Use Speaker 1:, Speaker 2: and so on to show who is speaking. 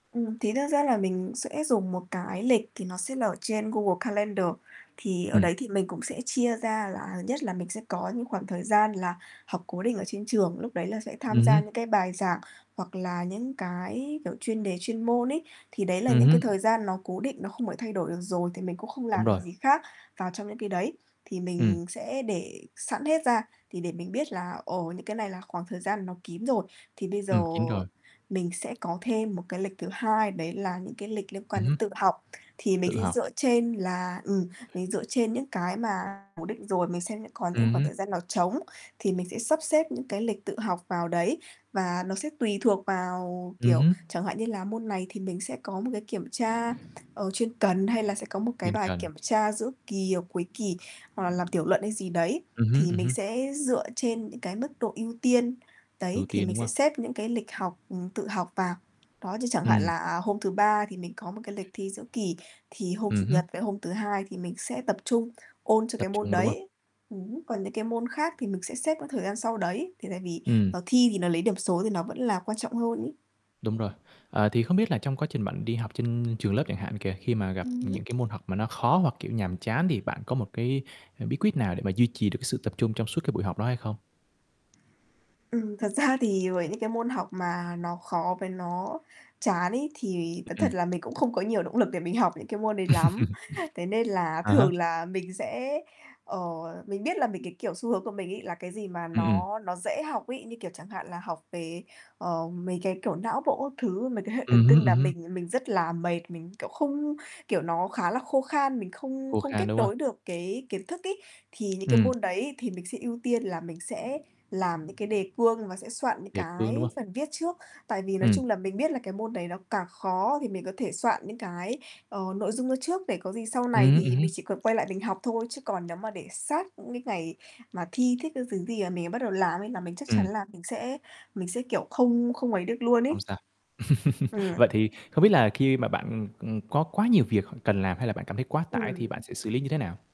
Speaker 1: Ừm, thí nữa ra là mình sẽ dùng một cái lịch thì nó sẽ là ở trên Google Calendar, thì ở
Speaker 2: Ừm.
Speaker 1: đấy thì mình cũng sẽ chia ra. Là nhất là mình sẽ có những khoảng thời gian là học cố định ở trên trường, lúc đấy là sẽ tham
Speaker 2: Ừm
Speaker 1: gia
Speaker 2: hứm.
Speaker 1: những cái bài giảng hoặc là những cái, kiểu, chuyên đề chuyên môn ấy. Thì đấy là
Speaker 2: Ừm
Speaker 1: những cái
Speaker 2: hứm.
Speaker 1: thời gian nó cố định, nó không phải thay đổi được rồi, thì mình cũng không
Speaker 2: Đúng
Speaker 1: làm
Speaker 2: rồi.
Speaker 1: được gì khác vào trong những cái đấy. Thì
Speaker 2: Ừm.
Speaker 1: mình sẽ để sẵn hết ra thì để mình biết là ồ, những cái này là khoảng thời gian nó kín rồi, thì bây giờ
Speaker 2: Ừm, kín rồi.
Speaker 1: mình sẽ có thêm một cái lịch thứ hai, đấy là những cái lịch liên
Speaker 2: Ừm
Speaker 1: quan đến
Speaker 2: hứm.
Speaker 1: tự học, thì mình
Speaker 2: Tự
Speaker 1: sẽ
Speaker 2: học.
Speaker 1: dựa trên là ừm, mình dựa trên những cái mà cố định rồi, mình xem những còn những
Speaker 2: Ừm
Speaker 1: khoảng
Speaker 2: hứm.
Speaker 1: thời gian nào trống thì mình sẽ sắp xếp những cái lịch tự học vào đấy và nó sẽ tùy thuộc vào,
Speaker 2: Ừm
Speaker 1: kiểu,
Speaker 2: hứm.
Speaker 1: chẳng hạn như là môn này thì mình sẽ có một cái kiểm tra, ờ, chuyên cần hay là sẽ có một cái
Speaker 2: Chuyên cần.
Speaker 1: kiểm tra giữa kỳ hoặc cuối kỳ, hoặc là làm tiểu luận hay gì đấy,
Speaker 2: Ừm hứm,
Speaker 1: thì
Speaker 2: ừm
Speaker 1: mình
Speaker 2: hứm.
Speaker 1: sẽ dựa trên những cái mức độ ưu tiên,
Speaker 2: Ưu
Speaker 1: đấy, thì
Speaker 2: tiên,
Speaker 1: mình
Speaker 2: đúng
Speaker 1: sẽ
Speaker 2: không?
Speaker 1: xếp những cái lịch học ừm, tự học vào. Đó, như chẳng hạn
Speaker 2: Ừm.
Speaker 1: là hôm thứ Ba thì mình có một cái lịch thi giữa kỳ, thì hôm
Speaker 2: Ừm
Speaker 1: Chủ
Speaker 2: hứm.
Speaker 1: nhật với hôm thứ Hai thì mình sẽ tập trung ôn cho
Speaker 2: Tập
Speaker 1: cái môn
Speaker 2: trung, đúng không?
Speaker 1: đấy, ừm, còn những cái môn khác thì mình sẽ xếp cái thời gian sau đấy, thì tại vì,
Speaker 2: Ừm.
Speaker 1: ờ, thi thì nó lấy điểm số thì nó vẫn là quan trọng hơn ấy.
Speaker 2: Đúng rồi. Ờ, thì không biết là trong quá trình bạn đi học trên trường lớp chẳng hạn kìa, khi mà gặp
Speaker 1: Ừm hứm.
Speaker 2: những cái môn học mà nó khó hoặc, kiểu, nhàm chán thì bạn có một cái bí quyết nào để mà duy trì được cái sự tập trung trong suốt cái buổi học đó hay không?
Speaker 1: Ừm, thật ra thì với những cái môn học mà nó khó với nó chán ấy, thì thú
Speaker 2: Ừm.
Speaker 1: thật là mình cũng không có nhiều động lực để mình học những cái môn đấy lắm, thế nên là
Speaker 2: À há.
Speaker 1: thường là mình sẽ, ờ mình biết là mình cái, kiểu, xu hướng của mình ấy là cái gì mà
Speaker 2: Ừm, ừm.
Speaker 1: nó nó dễ học ấy, như kiểu, chẳng hạn là học về, ờ, mấy cái, kiểu, não bộ các thứ, mấy cái hệ
Speaker 2: Ừm
Speaker 1: thần
Speaker 2: hứm,
Speaker 1: kinh
Speaker 2: ừm
Speaker 1: là
Speaker 2: hứm.
Speaker 1: mình mình rất là mệt, mình, kiểu, không kiểu, nó khá là khô khan, mình không
Speaker 2: Khô
Speaker 1: không
Speaker 2: khan,
Speaker 1: kết
Speaker 2: đúng không?
Speaker 1: nối được cái kiến thức ấy, thì những cái
Speaker 2: Ừm.
Speaker 1: môn đấy thì mình sẽ ưu tiên là mình sẽ làm những cái đề cương và sẽ soạn những
Speaker 2: Đề cương, đúng
Speaker 1: cái
Speaker 2: không?
Speaker 1: phần viết trước, tại vì nói
Speaker 2: Ừm.
Speaker 1: chung là mình biết là cái môn đấy nó càng khó thì mình có thể soạn những cái, ờ, nội dung vô trước để có gì sau
Speaker 2: Ừm
Speaker 1: này
Speaker 2: hứm, ừm
Speaker 1: thì
Speaker 2: hứm.
Speaker 1: mình chỉ cần quay lại mình học thôi, chứ còn nếu mà để sát những cái ngày mà thi thiết các thứ gì mà mình bắt đầu làm ấy là mình chắc chắn
Speaker 2: Ừm.
Speaker 1: là mình sẽ mình sẽ, kiểu, không không ấy được luôn
Speaker 2: Không
Speaker 1: ấy.
Speaker 2: sao.
Speaker 1: Ừm.
Speaker 2: Vậy thì không biết là khi mà bạn, ừm, ừm, có quá nhiều việc hoặc cần làm, hay là bạn cảm thấy quá tải thì bạn
Speaker 1: Ừm.
Speaker 2: sẽ xử lý như thế nào?